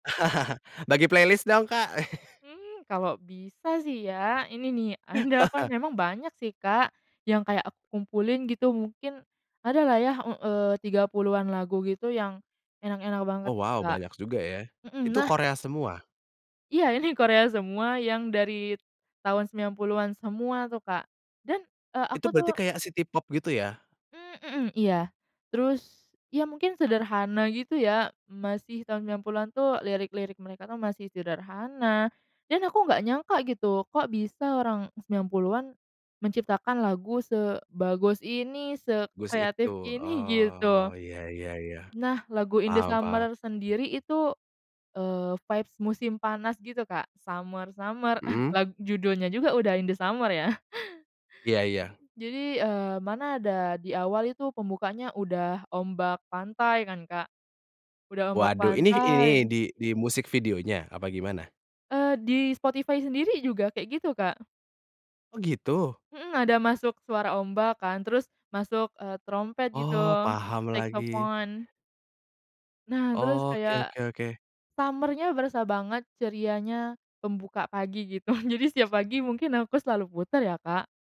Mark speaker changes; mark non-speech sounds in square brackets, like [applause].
Speaker 1: [laughs] Bagi playlist dong, Kak. [laughs]
Speaker 2: Mmm, kalau bisa sih ya ini nih ada apa
Speaker 1: [chuckles]
Speaker 2: memang banyak sih, Kak, yang kayak aku kumpulin gitu mungkin ada lah ya e eee, 30-an lagu gitu yang enak-enak banget,
Speaker 1: Oh, wow,
Speaker 2: Kak,
Speaker 1: banyak juga ya?
Speaker 2: mhm,
Speaker 1: Itu
Speaker 2: nah
Speaker 1: Korea semua?
Speaker 2: Iya, ini Korea semua yang dari tahun 90-an semua tuh, Kak, dan, eee,
Speaker 1: Itu
Speaker 2: aku
Speaker 1: berarti
Speaker 2: tuh
Speaker 1: kayak si K-pop gitu ya?
Speaker 2: Mmm, mhm, iya, terus ya mungkin sederhana gitu ya masih tahun 90-an tuh lirik-lirik mereka tuh masih sederhana dan aku nggak nyangka gitu kok bisa orang 90-an menciptakan lagu sebagus ini
Speaker 1: Gus itu,
Speaker 2: sekreatif ini
Speaker 1: oh,
Speaker 2: gitu.
Speaker 1: iya iya iya,
Speaker 2: Nah, lagu In The
Speaker 1: paham paham.
Speaker 2: Summer sendiri itu, eee, vibes musim panas gitu, Kak, summer-summer [chuckles]
Speaker 1: Mhm?
Speaker 2: lag judulnya juga udah In The Summer ya?
Speaker 1: Iya iya.
Speaker 2: Jadi, eee, mana ada di awal itu pembukaannya udah ombak pantai kan, Kak, udah ombak
Speaker 1: Waduh, ini ini
Speaker 2: pantai.
Speaker 1: di di musik videonya apa gimana?
Speaker 2: Eee, di Spotify sendiri juga kayak gitu, Kak.
Speaker 1: Oh, gitu?
Speaker 2: Mhm, ada masuk suara ombak kan, terus masuk, eee, terompet gitu
Speaker 1: Oh, paham lagi.
Speaker 2: saxophone. Nah, terus
Speaker 1: Oke
Speaker 2: kayak
Speaker 1: oke oke.
Speaker 2: summer-nya berasa banget cerianya membuka pagi gitu jadi setiap pagi mungkin aku selalu puter ya, Kak.